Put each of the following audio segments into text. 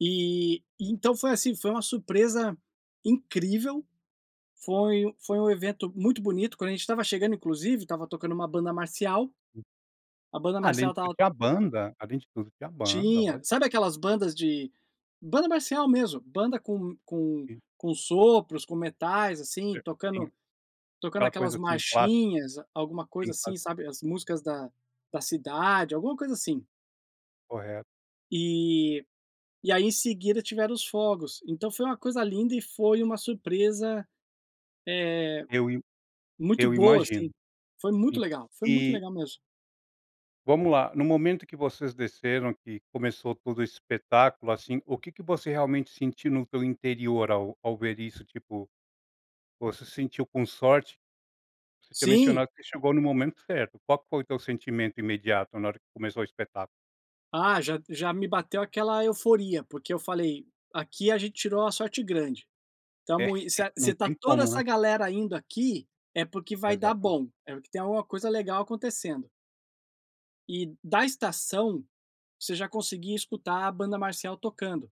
E então foi, assim, foi uma surpresa incrível, foi foi um evento muito bonito, quando a gente estava chegando inclusive, estava tocando uma banda marcial, a banda Ah, além marcial de tudo estava tinha banda, além de tudo tinha banda, Tinha, ótimo. sabe aquelas bandas de banda marcial mesmo, banda com com Sim. com sopros, com metais, assim, Sim. tocando tocando Aquela aquelas coisa, assim, clássica. marchinhas, alguma coisa Sim, assim, claro. sabe, as músicas da da cidade, alguma coisa assim. Correto. E e aí em seguida tiveram os fogos, então foi uma coisa linda e foi uma surpresa, eh, Eu im muito eu boa imagino, assim, foi sim, muito legal, foi muito e legal mesmo. Vamos lá, no momento que vocês desceram que começou todo o espetáculo, assim, o que que você realmente sentiu no teu interior ao ao ver isso tipo, você se sentiu com sorte? Você tinha Sim. mencionado que você chegou no momento certo, qual que foi o teu sentimento imediato na hora que começou o espetáculo? Ah, já já me bateu aquela euforia, porque eu falei: "Aqui a gente tirou a sorte grande. É, Estamos in se se não está tem toda como, essa né. galera indo aqui, é porque vai dar Exatamente. bom, é que tem uma coisa legal acontecendo". E da estação, você já conseguia escutar a banda marcial tocando.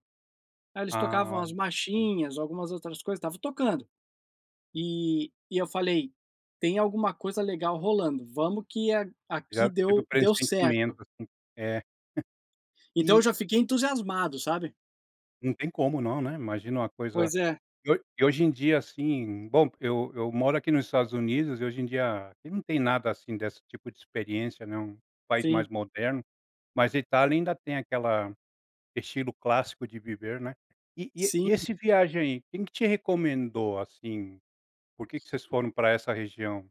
Ai eles Ah, tocavam as olha. Então machinhas, algumas outras coisas, estavam tocando. E e eu falei: "Tem alguma coisa legal rolando, vamos que a aqui Já teve o deu deu certo". pressentimento assim, é. Então eu E já fiquei entusiasmado, sabe? Não tem como não, né, imagina uma coisa Pois é. e hoje e hoje em dia assim bom, porque eu eu moro aqui nos Estados Unidos e hoje em dia, aqui não tem nada assim desse tipo de experiência, né, um país mais Sim. moderno, mas a Itália ainda tem aquela estilo clássico de viver, né. E e e Sim. esse viagem aí, quem que te recomendou, assim? Por que que vocês foram para essa região?